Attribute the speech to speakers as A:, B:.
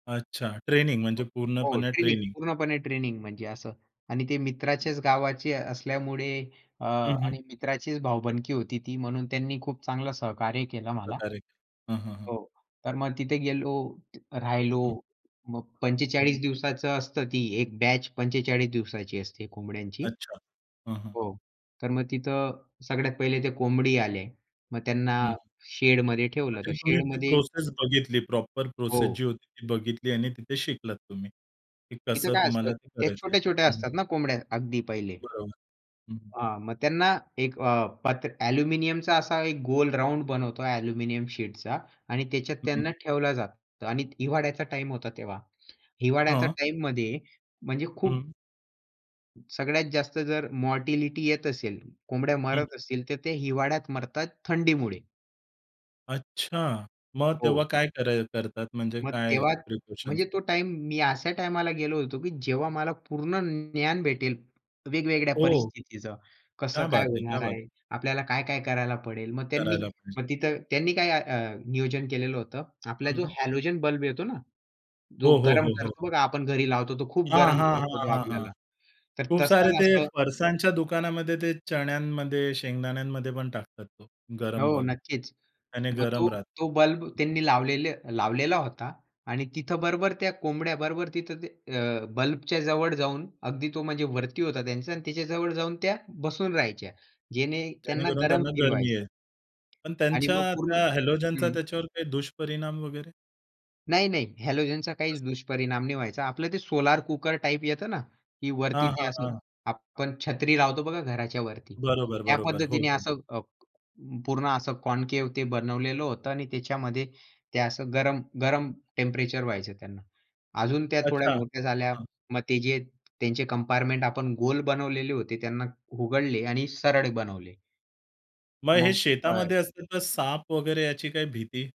A: अच्छा ट्रेनिंग, म्हणजे
B: हो,
A: पूर्णपणे
B: ट्रेनिंग
A: ट्रेनिंग.
B: पूर्णपणे ट्रेनिंग म्हणजे असं आणि ते मित्राचेच गावाचे असल्यामुळे अ,
A: हं, हं.
B: आणि मित्राचीच भाऊबंदकी होती ती म्हणून त्यांनी खूप चांगलं सहकार्य केलं मला.
A: [unintelligible] हं, हं, हं.
B: हो, तर मग तिथे गेलो, राहिलो.
A: हं.
B: मग
A: हं,
B: 45
A: हं.
B: दिवसाचं असतं, ती एक बॅच 45 दिवसाची असते कोंबड्यांची.
A: अच्छा, हं, हं.
B: हो. तर मग तिथं सगळ्यात पहिले ते कोंबडी आले, मग त्यांना
A: हं, हं.
B: शेडमध्ये ठेवलं
A: म्हणजे
B: तर
A: तुम्ही ती
B: शेडमध्ये
A: प्रोसेस बघितली, प्रॉपर प्रोसेस
B: हो.
A: जी होती ती बघितली आणि तिथे शिकलात तुम्ही, की
B: इथं
A: कसं
B: काय असतं
A: तुम्हाला ते
B: त्या
A: करायचं
B: छोट्या-छोट्या
A: आहे हं, हं.
B: असतात ना कोंबड्या अगदी पहिले
A: बरोबर, हं.
B: हां, मग त्यांना एक अ, पात्र ॲल्युमिनियमचा असा एक गोल राउंड बनवतो ॲल्युमिनियम शीटचा आणि त्याच्यात त्यांना
A: हं.
B: ठेवलं जातं आणि हिवाळ्याचा टाईम होता तेव्हा. हिवाळ्याच्या
A: हां.
B: टाईममध्ये म्हणजे खूप
A: हं.
B: सगळ्यात जास्त जर मॉर्टिलिटी येत असेल, कोंबड्या
A: हं.
B: मरत असतील, तर ते हिवाळ्यात मरतात, थंडीमुळे.
A: अच्छा, मग तेव्हा
B: हो.
A: काय कराय करतात, म्हणजे
B: मग
A: काय
B: तेव्हा
A: प्रिपरेशन्स?
B: म्हणजे तो टाईम मी अशा टाईमाला गेलो होतो, की जेव्हा मला पूर्ण ज्ञान भेटेल, वेगवेगळ्या
A: ओह!
B: परिस्थितीचं कसं
A: क्या
B: काय
A: बात है! क्या
B: होणार
A: बात है!
B: आहे? आपल्याला काय-काय करायला पडेल? मग त्यांनी
A: करायला पाहिजे.
B: मग तिथं त्यांनी काय अ, नियोजन केलेलं होतं. आपला जो
A: हं.
B: हॅलोजन बल्ब येतो ना, जो
A: हो, हो,
B: गरम
A: हो, हो.
B: करतो बघा आपण घरी लावतो, तो खूप
A: हां,
B: गरम
A: हां, हां,
B: करतो
A: हां, हां.
B: आपल्याला. तर
A: खूप सारे
B: तसंच
A: ते
B: असं
A: फरसाणच्या दुकानामध्ये ते चण्यांमध्ये, शेंगदाण्यांमध्ये पण टाकतात तो गरम
B: हो,
A: बल्ब
B: नक्कीच.
A: त्याने
B: मग
A: गरम
B: तो
A: राहतं.
B: तो बल्ब त्यांनी लावलेल लावलेला होता आणि तिथं बरोबर त्या कोंबड्या बरोबर तिथं ते अ, बल्बच्या जवळ जाऊन अगदी तो म्हणजे वरती होता त्यांचा आणि त्याच्या जवळ जाऊन त्या बसून राहायच्या जेणे त्यांना
A: जेणेकरून
B: गरम
A: त्यांना
B: फील
A: गरमी
B: व्हायचं.
A: येईल. पण
B: आणि
A: त्यांच्या
B: मग पूर्ण
A: त्या हॅलोजनचा
B: हं.
A: त्याच्यावर काही दुष्परिणाम वगैरे?
B: नाही-नाही हॅलोजनचा
A: असं.
B: काहीच दुष्परिणाम नाही व्हायचा. आपलं ते सोलार कुकर टाईप येतं ना, की वरती
A: हां,
B: ते
A: हां,
B: असं
A: हां.
B: आपण छत्री लावतो बघा घराच्यावरती.
A: बरोबर,
B: त्या
A: बरोबर. हो,
B: पद्धतीने
A: हो.
B: असं अ, पूर्ण असं कॉनकेव्ह ते बनवलेलं होतं आणि त्याच्यामध्ये ते असं गरम, गरम टेम्परेचर व्हायचं त्यांना. अजून त्या थोड्या
A: अच्छा. हां,
B: मोठ्या झाल्या.
A: हां.
B: मग ते जे त्यांचे कंपार्टमेंट आपण गोल बनवलेले होते त्यांना उघडले आणि सरळ बनवले.
A: मग हे
B: मग. [unintelligible]
A: शेतामध्ये असतं, तर साप वगैरे याची काही भीती?